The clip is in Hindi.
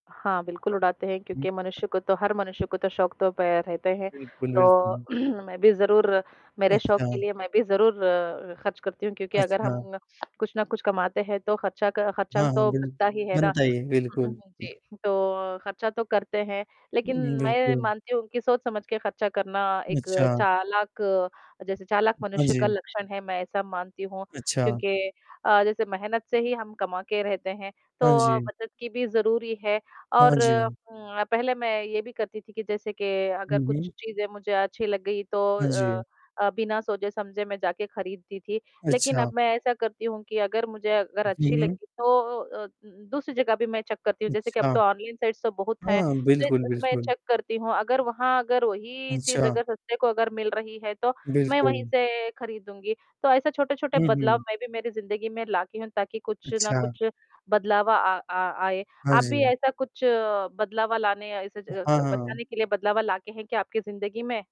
हाँ, बिल्कुल उड़ाते हैं हुँ। क्योंकि मनुष्य को तो हर मनुष्य को तो शौक तो पै रहते हैं। बिल्कुल, तो बिल्कुल। मैं भी ज़रूर मेरे शौक के अच्छा। लिए मैं भी ज़रूर ख़र्च करती हूँ क्योंकि अगर अच्छा। हम कुछ ना कुछ कमाते हैं तो ख़र्चा क हाँ, ख़र्चा हाँ। तो बिल्क बनता ही है ना। बनता ही है हुँ, बिल्कुल। हुँ, जी, तो खर्चा तो करते हैं, लेकिन हुँ, मैं बिल्कुल। मानती हूँ कि सोच-समझ के खर्चा करना, एक अच्छा। चालाक अ, जैसे चालाक हाँ मनुष्य का जी। लक्षण है मैं ऐसा मानती हूँ, अच्छा। क्योंकि अ, जैसे मेहनत से ही हम कमा के रहते हैं, हाँ तो जी। बचत की भी ज़रूरी है। हाँ और जी। उम, अ, पहले मैं ये भी करती थी कि जैसे के अगर हुँ, हुँ। कुछ चीज़ें मुझे अच्छी लग गई तो हाँ जी। अ अ, बिना सोचे-समझे मैं जाके खरीदती थी। लेकिन अब अच्छा। मैं ऐसा करती हूँ कि अगर मुझे, अगर उ, हुँ, अच्छी हुँ। लगी तो ओ, अ, उम, दूसरी जगह भी मैं चेक करती हूँ। जैसे कि अब अच्छा। तो ऑनलाइन साइट्स तो बहुत हैं, हाँ, तो बिल्कुल, इसमें बिल्कुल। चेक करती हूँ। अगर वहाँ अगर वही चीज़ अच्छा। अगर सस्ते को अगर मिल रही है तो मैं वहीं बिल्कुल। से खरीदूँगी। तो ऐसा छोटे-छोटे हुँ, बदलाव हुँ। मैं भी मेरी ज़िन्दगी में ला की हूँ ताकि कुछ ना अच्छा। कुछ बदलाव अ, आ आए। हाँ आप भी जी। ऐसा कुछ बदलावा लाने या ऐसे ज हाँ, क हाँ। बचाने के लिए बदलावा ला के हैं क्या आपकी ज़िन्दगी में?